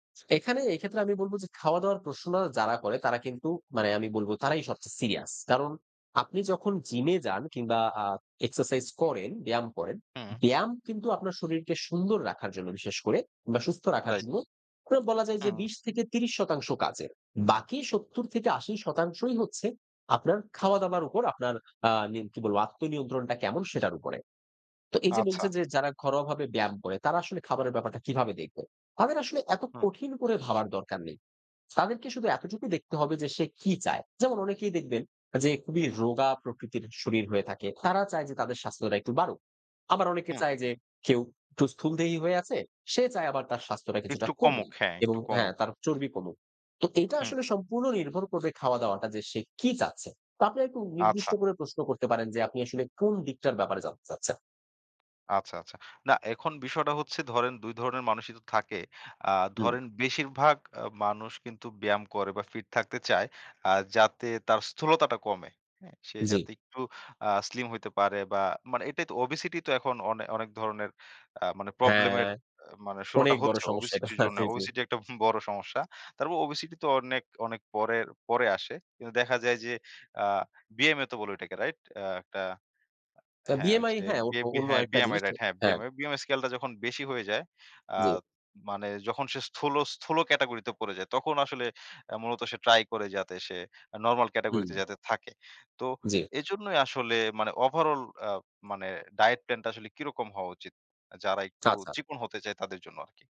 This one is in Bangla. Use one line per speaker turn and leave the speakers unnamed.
এখানে এক্ষেত্রে আমি বলব যে, খাওয়া-দাওয়ার প্রশ্ন যারা করে, তারা কিন্তু মানে আমি বলব তারাই সবচেয়ে সিরিয়াস। কারণ আপনি যখন জিমে যান কিংবা আ এক্সারসাইজ করেন, ব্যায়াম করেন,
হুম।
ব্যায়াম কিন্তু আপনার শরীরকে সুন্দর রাখার জন্য বিশেষ করে কিংবা সুস্থ রাখার
রাইট।
জন্য বলা যায় যে,
হম।
২০ থেকে ৩০ শতাংশ কাজের। বাকি ৭০ থেকে ৮০ শতাংশই হচ্ছে, আপনার খাওয়া-দাওয়ার উপর, আপনার আ কি বলব, আত্মনিয়ন্ত্রণটা কেমন, সেটার উপরে। তো এই যে,
আচ্ছা।
বলছে যে, যারা ঘরোয়াভাবে ব্যায়াম করে, তারা আসলে খাবারের ব্যাপারটা কিভাবে দেখবে? তাদের আসলে এত
হম।
কঠিন করে ভাবার দরকার নেই। তাদেরকে শুধু এতটুকুই দেখতে হবে যে, সে কি চায়। যেমন অনেকেই দেখবেন যে, খুবই রোগা প্রকৃতির শরীর হয়ে থাকে। তারা চায় যে, তাদের স্বাস্থ্যটা একটু বাড়ুক। আবার অনেকে
হম।
চায় যে, কেউ একটু স্থূলদেহী হয়ে আছে, সে চায় আবার তার স্বাস্থ্যটা কিছুটা
একটু কমুক
কমুক
হ্যাঁ, একটু
এবং
কমুক।
হ্যাঁ, তার চর্বি কমুক। তো এটা
হুম।
আসলে সম্পূর্ণ নির্ভর করবে খাওয়া-দাওয়াটা যে, সে কি চাচ্ছে। তা আপনারা একটু
আচ্ছা।
নির্দিষ্ট করে প্রশ্ন করতে পারেন যে, আপনি আসলে কোন দিকটার ব্যাপারে জানতে চাচ্ছেন?
আচ্ছা, আচ্ছা। না এখন বিষয়টা হচ্ছে ধরেন ২ ধরনের মানুষই তো থাকে। আ
হুম।
ধরেন বেশিরভাগ আ মানুষ কিন্তু ব্যায়াম করে বা ফিট থাকতে চায়। যাতে তার স্থূলতাটা কমে। সে
জি।
যাতে একটু আ স্লিম হইতে পারে বা মানে এটাই তো ওবেসিটি তো এখন অনেক ধরণের মানে আ প্রবলেম
হ্যাঁ,
এর শুরুটা
অনেক বড়
হচ্ছে
সমস্যাটা
ওবেসিটির
এটা,
জন্য।
জি, জি।
ওবেসিটি একটা বড় সমস্যা। তারপর ওবেসিটি তো অনেক, অনেক পরে আসে। কিন্তু দেখা যায় যে, আ বিএমএ তো বলে এটাকে রাইট? ১টা। হ্যাঁ,
বিএমআই হ্যাঁ, অন অন্য
হ্যাঁ,
আরেকটা
বিমিআই
জিনিস।
রাইট, হ্যাঁ,
হ্যাঁ।
বিমিআই স্কেলটা যখন বেশি হয়ে যায়। আ
জি।
মানে যখন সে স্থূল, স্থূল ক্যাটেগরি তে পড়ে যায় তখন আসলে মূলত সে ট্রাই করে যাতে সে নরমাল ক্যাটেগরি তে
হুম।
যাতে থাকে। তো
জি।
এজন্যই আসলে মানে ওভারঅল আ মানে ডায়েট প্ল্যান টা আসলে কিরকম হওয়া উচিত? যারা একটু
চাচা।
চিকণ হতে চায় তাদের জন্য আরকি?